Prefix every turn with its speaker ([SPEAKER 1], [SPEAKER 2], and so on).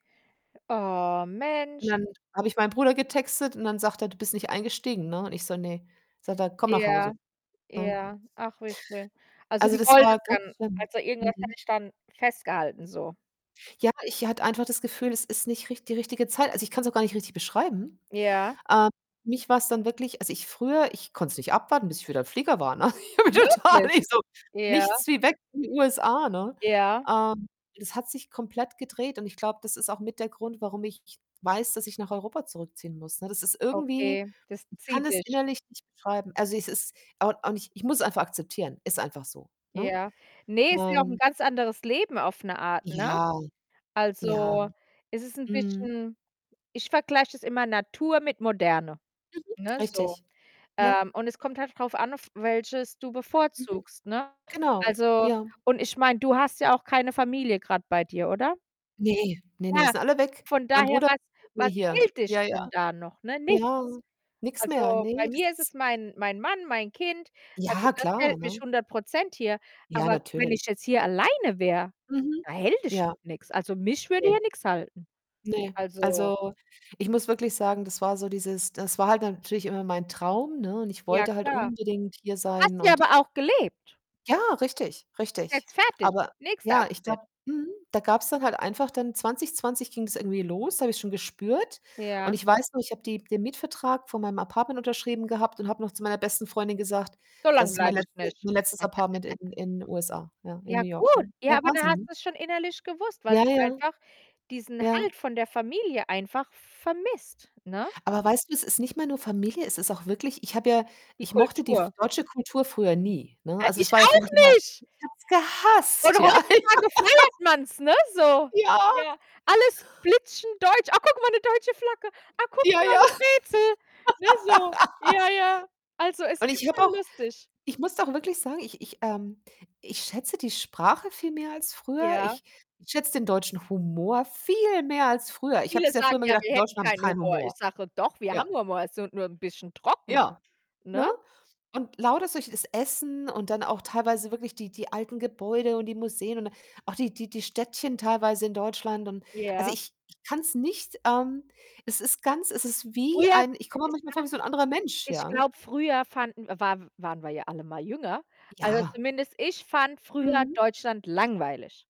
[SPEAKER 1] Oh,
[SPEAKER 2] Und
[SPEAKER 1] Mensch.
[SPEAKER 2] dann habe ich meinem Bruder getextet und dann sagt er: „Du bist nicht eingestiegen“, ne? Und ich so: „Ne." Sagt er: „Komm nach Hause.“
[SPEAKER 1] Ja,
[SPEAKER 2] Ne?
[SPEAKER 1] Ja. Ach, wie schön. Also,
[SPEAKER 2] Also,
[SPEAKER 1] du
[SPEAKER 2] das war
[SPEAKER 1] wolltest
[SPEAKER 2] ganz
[SPEAKER 1] dann
[SPEAKER 2] schlimm.
[SPEAKER 1] also, irgendwas hat
[SPEAKER 2] Mhm.
[SPEAKER 1] dich dann festgehalten, so.
[SPEAKER 2] Ja, ich hatte einfach das Gefühl, es ist nicht richt die richtige Zeit. Also, ich kann's auch gar nicht richtig beschreiben.
[SPEAKER 1] Ja.
[SPEAKER 2] Ähm, mich war's dann wirklich als ich früher ich konnte es nicht abwarten, bis ich wieder im Flieger war, ne? Ich habe
[SPEAKER 1] Wirklich?
[SPEAKER 2] total ich so:
[SPEAKER 1] Ja.
[SPEAKER 2] „Nichts wie weg in die USA,“ ne?
[SPEAKER 1] Ja.
[SPEAKER 2] Ähm, es hat sich komplett gedreht und ich glaube, das ist auch mit der Grund, warum ich weiß, dass ich nach Europa zurückziehen muss, ne? Das ist irgendwie
[SPEAKER 1] Okay, das
[SPEAKER 2] ich kann
[SPEAKER 1] zieht
[SPEAKER 2] es
[SPEAKER 1] dich.
[SPEAKER 2] innerlich nicht beschreiben. Also, es ist, auch auch nicht ich muss es einfach akzeptieren. Ist einfach so, ne?
[SPEAKER 1] Ja. Ne, ist ja auch 'n
[SPEAKER 2] Ähm
[SPEAKER 1] ganz anderes Leben auf 'ne Art, ne?
[SPEAKER 2] Ja, ja.
[SPEAKER 1] Also, es ist 'n
[SPEAKER 2] Mhm.
[SPEAKER 1] bisschen ich vergleiche das immer Natur mit Moderne,
[SPEAKER 2] Mhm.
[SPEAKER 1] ne, so.
[SPEAKER 2] Richtig. Ja.
[SPEAKER 1] Ähm, und es kommt halt drauf an, auf welches du
[SPEAKER 2] Mhm.
[SPEAKER 1] bevorzugst, ne?
[SPEAKER 2] Genau,
[SPEAKER 1] Also,
[SPEAKER 2] ja.
[SPEAKER 1] und ich meine, du hast ja auch keine Familie grade bei dir, oder?
[SPEAKER 2] Ne, ne, ne,
[SPEAKER 1] Ja,
[SPEAKER 2] sind alle weg.
[SPEAKER 1] von
[SPEAKER 2] Mein
[SPEAKER 1] daher,
[SPEAKER 2] Bruder
[SPEAKER 1] was
[SPEAKER 2] [unintelligible]
[SPEAKER 1] was
[SPEAKER 2] hier.
[SPEAKER 1] hält dich
[SPEAKER 2] Ja, ja.
[SPEAKER 1] denn da noch, ne?
[SPEAKER 2] Ja,
[SPEAKER 1] Nichts.
[SPEAKER 2] nix mehr.
[SPEAKER 1] Also, bei
[SPEAKER 2] Ne, das
[SPEAKER 1] mir ist
[SPEAKER 2] ist
[SPEAKER 1] es mein mein Mann, mein Kind. Also,
[SPEAKER 2] Ja
[SPEAKER 1] das
[SPEAKER 2] klar,
[SPEAKER 1] hält mich
[SPEAKER 2] ne?
[SPEAKER 1] 100 % hier.
[SPEAKER 2] Ja,
[SPEAKER 1] Aber wenn
[SPEAKER 2] natürlich.
[SPEAKER 1] ich jetzt hier alleine wäre,
[SPEAKER 2] Mhm.
[SPEAKER 1] da hält dich
[SPEAKER 2] Ja.
[SPEAKER 1] doch nix. Also, mich würde
[SPEAKER 2] Ne.
[SPEAKER 1] hier nix halten.
[SPEAKER 2] Ne,
[SPEAKER 1] Also
[SPEAKER 2] also, ich muss wirklich sagen, das war so dieses das war halt natürlich immer mein Traum, ne, und ich
[SPEAKER 1] Ja
[SPEAKER 2] wollte halt
[SPEAKER 1] klar.
[SPEAKER 2] unbedingt hier
[SPEAKER 1] Hast
[SPEAKER 2] sein
[SPEAKER 1] du ja
[SPEAKER 2] und
[SPEAKER 1] aber auch gelebt.
[SPEAKER 2] ja, richtig,
[SPEAKER 1] Ist
[SPEAKER 2] richtig.
[SPEAKER 1] jetzt fertig.
[SPEAKER 2] Aber
[SPEAKER 1] Nächster
[SPEAKER 2] ja, ich
[SPEAKER 1] Abschnitt.
[SPEAKER 2] glaube mhm, da gab's dann halt einfach dann 2020 ging's irgendwie los, da habe ich es schon gespürt und
[SPEAKER 1] Ja.
[SPEAKER 2] ich weiß noch, ich habe die den Mietvertrag von meinem Apartment unterschrieben gehabt und habe noch zu meiner besten Freundin gesagt:
[SPEAKER 1] So
[SPEAKER 2] „Das
[SPEAKER 1] lang
[SPEAKER 2] ist mein
[SPEAKER 1] bleibe ich
[SPEAKER 2] letzte
[SPEAKER 1] nicht.
[SPEAKER 2] mein letztes Apartment in in 'n USA.“ Ja, in
[SPEAKER 1] Ja
[SPEAKER 2] New York, ja.
[SPEAKER 1] gut.
[SPEAKER 2] Ja
[SPEAKER 1] Ja, aber du
[SPEAKER 2] Wahnsinn,
[SPEAKER 1] hast
[SPEAKER 2] ne?
[SPEAKER 1] es schon innerlich gewusst, weil
[SPEAKER 2] Ja,
[SPEAKER 1] du
[SPEAKER 2] ja.
[SPEAKER 1] einfach diesen
[SPEAKER 2] Ja.
[SPEAKER 1] Halt von der Familie einfach vermisst, ne?
[SPEAKER 2] Aber weißt du, es ist nicht mehr nur Familie, es ist auch wirklich Ich habe ja
[SPEAKER 1] Die
[SPEAKER 2] ich mochte die f
[SPEAKER 1] Kultur.
[SPEAKER 2] deutsche Kultur früher nie, ne?
[SPEAKER 1] Ja,
[SPEAKER 2] Also, es
[SPEAKER 1] ich
[SPEAKER 2] war ja für
[SPEAKER 1] auch
[SPEAKER 2] mich immer
[SPEAKER 1] nicht!
[SPEAKER 2] Ich habe es
[SPEAKER 1] Und
[SPEAKER 2] gehasst, ja.
[SPEAKER 1] heutzutage feiert man's, ne, so.
[SPEAKER 2] Ja.
[SPEAKER 1] Ja, alles blitzen deutsch. „Ach gucke mal, 'ne deutsche Flagge. Ach, gucke
[SPEAKER 2] Ja,
[SPEAKER 1] mal,
[SPEAKER 2] ja.
[SPEAKER 1] 'ne Brezel,“ ne, so. Ja, ja. Also, es
[SPEAKER 2] Und ich
[SPEAKER 1] ist
[SPEAKER 2] habe auch
[SPEAKER 1] schon lustig.
[SPEAKER 2] ich muss doch wirklich sagen, ich ich ähm, ich schätze die Sprache viel mehr als früher.
[SPEAKER 1] Ja.
[SPEAKER 2] Ich schätze den deutschen Humor viel mehr als früher. Ich habe
[SPEAKER 1] Viele
[SPEAKER 2] das ja früher
[SPEAKER 1] sagen
[SPEAKER 2] immer
[SPEAKER 1] ja,
[SPEAKER 2] gedacht,
[SPEAKER 1] wir
[SPEAKER 2] die
[SPEAKER 1] hätten
[SPEAKER 2] Deutschen haben
[SPEAKER 1] keinen
[SPEAKER 2] keinen
[SPEAKER 1] Humor.
[SPEAKER 2] Humor.
[SPEAKER 1] Ich sage: „Doch, wir
[SPEAKER 2] Ja.
[SPEAKER 1] haben Humor, ist so nur 'n bisschen trocken,“
[SPEAKER 2] Ja,
[SPEAKER 1] ne?
[SPEAKER 2] ne, und lauter solches das Essen und dann auch teilweise wirklich die die alten Gebäude und die Museen und auch die die die Städtchen teilweise in Deutschland und, also,
[SPEAKER 1] Ja.
[SPEAKER 2] ich ich kann's nicht ähm, es ist ganz es ist wie
[SPEAKER 1] Früher
[SPEAKER 2] ein ich komme mir
[SPEAKER 1] es
[SPEAKER 2] manchmal vor
[SPEAKER 1] war
[SPEAKER 2] wie so 'n anderer Mensch,
[SPEAKER 1] ich
[SPEAKER 2] ja.
[SPEAKER 1] glaube früher fanden war waren wir ja alle mal jünger. Also,
[SPEAKER 2] Ja.
[SPEAKER 1] zumindest ich fand früher
[SPEAKER 2] Mhm.
[SPEAKER 1] Deutschland langweilig.